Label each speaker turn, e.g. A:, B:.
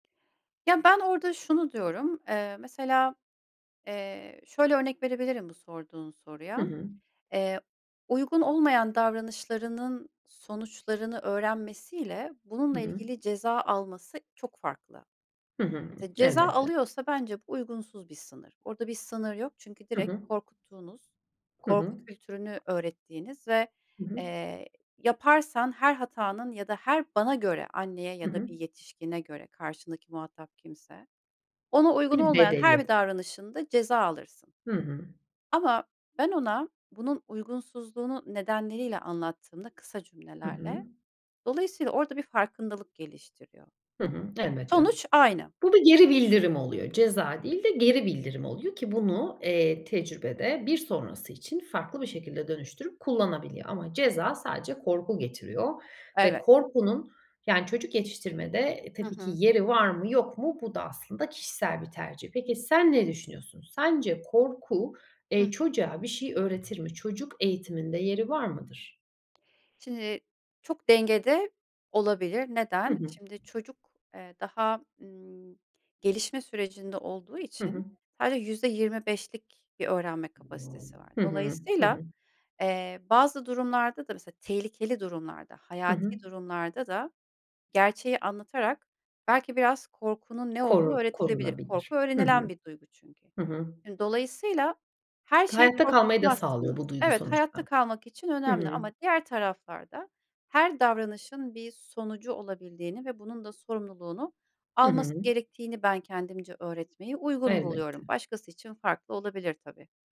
A: Ya, ben orada şunu diyorum, eee, mesela, eee, şöyle örnek verebilirim bu sorduğun
B: Hı
A: soruya.
B: hı.
A: Eee, uygun olmayan davranışlarının sonuçlarını öğrenmesiyle bununla
B: Hı.
A: ilgili ceza alması çok farklı.
B: Hı hı.
A: Ceza
B: Elbette.
A: alıyorsa bence bu uygunsuz bir sınır. Orada bir sınır yok çünkü
B: Hı
A: direkt
B: hı.
A: korkuttuğunuz,
B: Hı hı.
A: korku kültürünü öğrettiğiniz ve,
B: Hı hı.
A: eee, yaparsan her hatanın ya da her bana göre anneye
B: Hı
A: ya da
B: hı.
A: bir yetişkine göre karşındaki muhatap kimse, ona uygun
B: Bir
A: olmayan her
B: bedeli.
A: bir davranışında ceza alırsın.
B: Hı hı.
A: Ama ben ona bunun uygunsuzluğunu nedenleriyle anlattığımda kısa
B: Hı hı.
A: cümlelerle dolayısıyla orada bir farkındalık geliştiriyor.
B: Hı hı, elbette.
A: Sonuç aynı.
B: Bu da geri bildirim oluyor. Ceza değil de geri bildirim oluyor ki bunu, eee, tecrübede bir sonrası için farklı bir şekilde dönüştürüp kullanabiliyor. Ama ceza sadece korku getiriyor. Ve
A: Evet.
B: korkunun yani çocuk yetiştirmede
A: Hı
B: tabii ki
A: hı.
B: yeri var mı yok mu bu da aslında kişisel bir tercih. Peki, sen ne düşünüyorsun? Sence korku,
A: Hı
B: eee,
A: hı.
B: çocuğa bir şey öğretir mi? Çocuk eğitiminde yeri var mıdır?
A: Şimdi çok dengede olabilir.
B: Hı
A: Neden?
B: hı.
A: Şimdi çocuk, eee, daha, emm, gelişme sürecinde olduğu
B: Hı hı.
A: için sadece %25'lik bir öğrenme kapasitesi var.
B: Hı hı, hı
A: Dolayısıyla,
B: hı.
A: eee, bazı durumlarda da mesela tehlikeli durumlarda,
B: Hı hı.
A: hayati durumlarda da gerçeği anlatarak belki biraz korkunun ne olduğu
B: Koru
A: öğretilebilir. Korku
B: korunabilir. Hı
A: öğrenilen
B: hı.
A: bir duygu çünkü.
B: Hı hı.
A: Dolayısıyla her
B: Çünkü
A: şeyi
B: hayatta kalmayı da sağlıyor
A: korkutmazsınız.
B: bu duygu
A: Evet, hayatta
B: sonuçta.
A: kalmak için
B: Hı
A: önemli
B: hı.
A: ama diğer taraflarda her davranışın bir sonucu olabildiğini ve bunun da sorumluluğunu
B: Hı hı.
A: alması gerektiğini ben kendimce öğretmeyi uygun buluyorum.
B: Elbette.
A: Başkası için farklı olabilir tabii.